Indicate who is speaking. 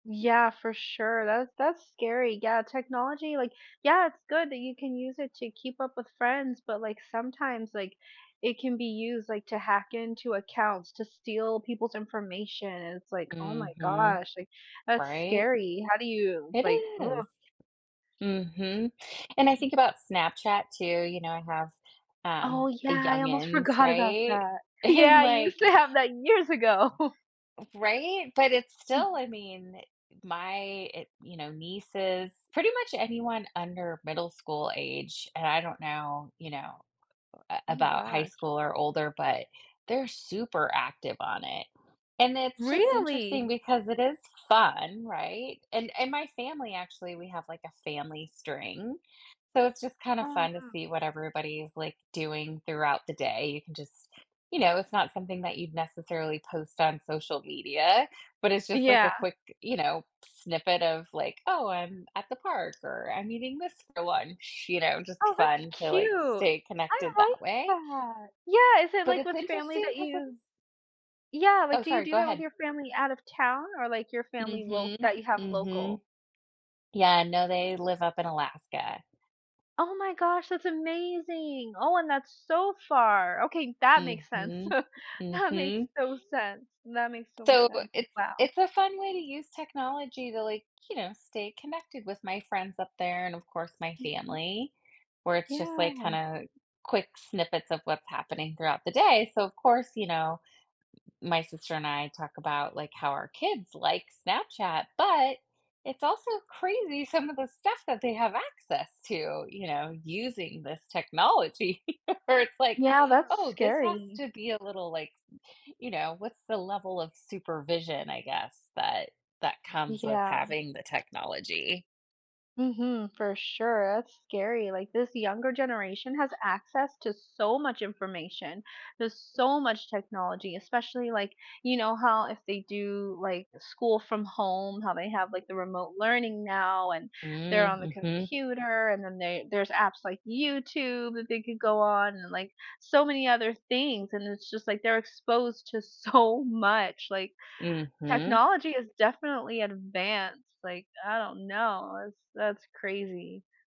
Speaker 1: Yeah, for sure, that that's scary, yeah, technology, like Yeah, it's good that you can use it to keep up with friends, but, like, sometimes, like, it can be used, like, to hack into accounts, to steal people's information, it's like, "Oh my
Speaker 2: Mhm.
Speaker 1: gosh," like, "that's
Speaker 2: Right?
Speaker 1: scary, how do you,"
Speaker 2: It
Speaker 1: like "Uh."
Speaker 2: is. Mhm, and I think about Snapchat, too, you know, I have,
Speaker 1: Oh,
Speaker 2: um, the
Speaker 1: yeah, I almost
Speaker 2: youngins,
Speaker 1: forgot about
Speaker 2: right?
Speaker 1: that.
Speaker 2: And,
Speaker 1: Yeah, I
Speaker 2: like
Speaker 1: used to have that years ago.
Speaker 2: F Right? But it's still, I mean, e My it you know, nieces pretty much anyone under middle school age, and I don't know, you know, uh,
Speaker 1: Oh my
Speaker 2: about high
Speaker 1: gosh.
Speaker 2: school or older, but they're super active on it and it's just interesting
Speaker 1: Really?
Speaker 2: because it is fun, right? And and my family actually we have, like, a family string, so it's just kind of
Speaker 1: Oh,
Speaker 2: fun to
Speaker 1: wow.
Speaker 2: see what everybody is, like, doing throughout the day, you can just you know, it's not something that you'd necessarily post on social media, but it's just, like, a
Speaker 1: Yeah.
Speaker 2: quick, you know, snippet of, like, "Oh, I'm at the park," or, "I'm eating this for lunch," you know? Just
Speaker 1: Oh,
Speaker 2: fun
Speaker 1: that's
Speaker 2: to, like,
Speaker 1: cute,
Speaker 2: stay
Speaker 1: I
Speaker 2: connected
Speaker 1: like
Speaker 2: that way.
Speaker 1: that Yeah, is it,
Speaker 2: But
Speaker 1: like,
Speaker 2: it's
Speaker 1: with family
Speaker 2: interesting
Speaker 1: that
Speaker 2: 'cause it's
Speaker 1: you Yeah, like,
Speaker 2: Oh,
Speaker 1: do you
Speaker 2: sorry,
Speaker 1: do
Speaker 2: go
Speaker 1: that with
Speaker 2: ahead.
Speaker 1: your family out of town or, like, your family lo
Speaker 2: Mhm,
Speaker 1: that you have
Speaker 2: mhm.
Speaker 1: local?
Speaker 2: Yeah, no, they live up in Alaska.
Speaker 1: Oh my gosh, that's amazing. Oh, and that's so far. Okay, that makes sense.
Speaker 2: Mhm,
Speaker 1: That makes
Speaker 2: mhm.
Speaker 1: so sense. That makes so much
Speaker 2: So
Speaker 1: sense.
Speaker 2: it's
Speaker 1: Wow.
Speaker 2: it's a fun way to use technology to, like, you know, stay connected with my friends up there and, of course, my
Speaker 1: Mhm.
Speaker 2: family where it's just, like,
Speaker 1: Yeah.
Speaker 2: kinda quick snippets of what's happening throughout the day, so, of course, you know, my sister and I talk about, like, how our kids like Snapchat, but it's also crazy some of the stuff that they have access to, you know, using this technology, where it's like,
Speaker 1: Yeah, that's
Speaker 2: "Oh, this has
Speaker 1: scary.
Speaker 2: to be a little, like" you know, what's the level of supervision, I guess, that that comes with
Speaker 1: Yeah.
Speaker 2: having the technology?
Speaker 1: Mhm, for sure, that's scary. Like, this younger generation has access to so much information, there's so much technology, especially, like, you know, how if they do, like, school from home, how they have, like, the remote learning now and they're
Speaker 2: Mm,
Speaker 1: on the
Speaker 2: mhm.
Speaker 1: computer and then they there's apps like YouTube that they could go on and, like, so many other things, and it's just, like, they're exposed to so much, like,
Speaker 2: Mhm.
Speaker 1: technology is definitely advanced, like, I don't know, it's that's crazy.